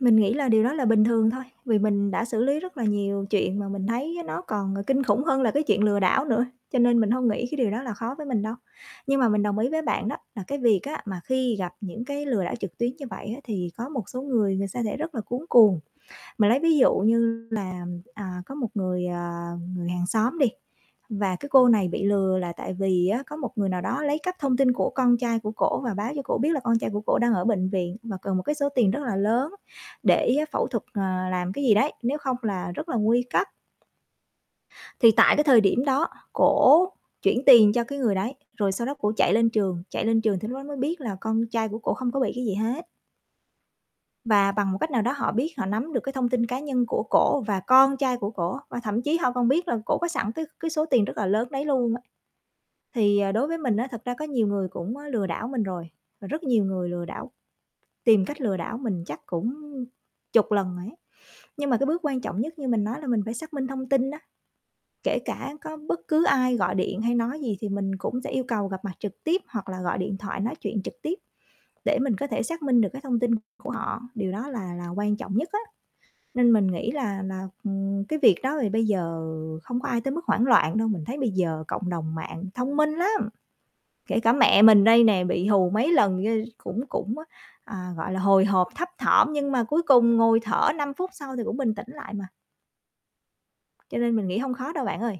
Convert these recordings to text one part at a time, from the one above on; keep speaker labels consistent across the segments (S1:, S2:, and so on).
S1: Mình nghĩ là điều đó là bình thường thôi, vì mình đã xử lý rất là nhiều chuyện mà mình thấy nó còn kinh khủng hơn là cái chuyện lừa đảo nữa, cho nên mình hông nghĩ cái điều đó là khó với mình đâu. Nhưng mà mình đồng ý với bạn đó là cái việc á, mà khi gặp những cái lừa đảo trực tuyến như vậy á, thì có một số người, người sa sẽ rất là cuống cuồng. Mà lấy ví dụ như là, à, có một người, à, người hàng xóm đi và cái cô này bị lừa là tại vì á, có một người nào đó lấy cắp thông tin của con trai của cổ và báo cho cổ biết là con trai của cổ đang ở bệnh viện mà cần một cái số tiền rất là lớn để phẫu thuật, ờ, làm cái gì đấy, nếu không là rất là nguy cấp. Thì tại cái thời điểm đó, cổ chuyển tiền cho cái người đấy, rồi sau đó cổ chạy lên trường, chạy lên trường thì lúc đó mới biết là con trai của cổ không có bị cái gì hết. Mà bằng một cách nào đó họ biết, họ nắm được cái thông tin cá nhân của cổ và con trai của cổ, và thậm chí họ còn biết là cổ có sẵn cái cái số tiền rất là lớn đấy luôn á. Thì, ờ, đối với mình á, thật ra có nhiều người cũng, ơ, lừa đảo mình rồi, và rất nhiều người lừa đảo tìm cách lừa đảo mình chắc cũng chục lần rồi ấy. Nhưng mà cái bước quan trọng nhất như mình nói là mình phải xác minh thông tin đó, kể cả có bất cứ ai gọi điện hay nói gì thì mình cũng sẽ yêu cầu gặp mặt trực tiếp hoặc là gọi điện thoại nói chuyện trực tiếp để mình có thể xác minh được cái thông tin của họ, điều đó là là quan trọng nhất á. Nên mình nghĩ là là, ừm, cái việc đó thì bây giờ không có ai tới mức hoảng loạn đâu, mình thấy bây giờ cộng đồng mạng thông minh lắm, kể cả mẹ mình đây nè, bị hù mấy lần gây cũng cũng á, à, gọi là, hồi hộp thấp thỏm, nhưng mà cuối cùng ngồi thở 5 phút sau thì cũng bình tĩnh lại mà. Cho nên mình nghĩ hông khó đâu bạn ơi.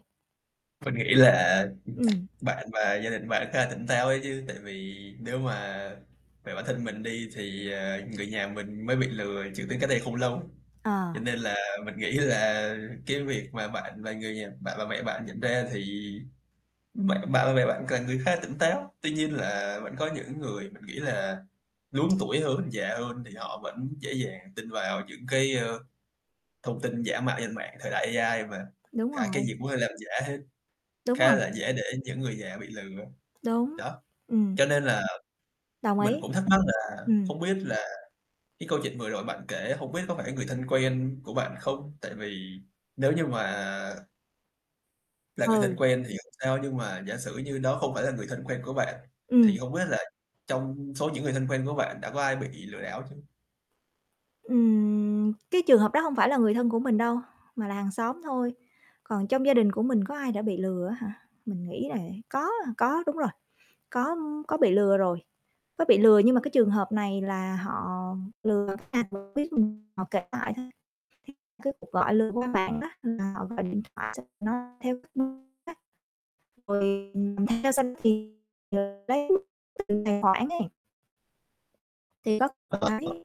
S2: Mình nghĩ là
S1: Ừm.
S2: bạn và gia đình của bạn khá là tỉnh táo ấy chứ, tại vì nếu mà về bản thân mình đi thì, ờ, người nhà mình mới bị lừa chuyển tiền cách đây không lâu, cho
S1: Ờ.
S2: nên là mình nghĩ là cái việc mà bạn và người nhà bạn và mẹ bạn nhận ra thì mẹ bạn và mẹ bạn là người khá là tỉnh táo. Tuy nhiên là vẫn có những người mình nghĩ là lớn tuổi hơn, già hơn thì họ vẫn dễ dàng tin vào những cái, ơ, thông tin giả mạo trên mạng, thời đại AI mà
S1: Đúng
S2: cả cái
S1: rồi.
S2: gì cũng có thể giả hết,
S1: Đúng
S2: khá
S1: rồi.
S2: là dễ để những người già bị lừa á.
S1: Đúng,
S2: Đó,
S1: ừm.
S2: cho nên là
S1: Đồng ý,
S2: mình cũng thắc mắc là
S1: ừm.
S2: không biết là cái câu chuyện vừa rồi bạn kể, hổng biết có phải người thân quen của bạn không? Tại vì nếu như mà là người thân
S1: Ừ.
S2: quen thì hông sao nhưng mà giả sử như đó không phải là người thân quen của bạn, thì
S1: Ừm.
S2: hông biết là trong số những người thân quen của bạn đã có ai bị lừa đảo chưa?
S1: Ừm, cái trường hợp đó hông phải là người thân của mình đâu, mà là hàng xóm thôi. Còn trong gia đình của mình có ai đã bị lừa á hả? Mình nghĩ là có, à, có đúng rồi, có, ưm, có bị lừa rồi, có bị lừa nhưng mà cái trường hợp này là họ lừa [unintelligible] họ biết mình, họ kể lại thôi. Thì cái cuộc gọi lừa qua mạng đó là họ gọi điện thoại xong nó theo cái hướng [unintelligible] rồi, ừm, ừm, nghe xong thì chờ lấy [unintelligible] tiền tài khoản ấy. Thì có
S2: [unintelligible]
S1: cái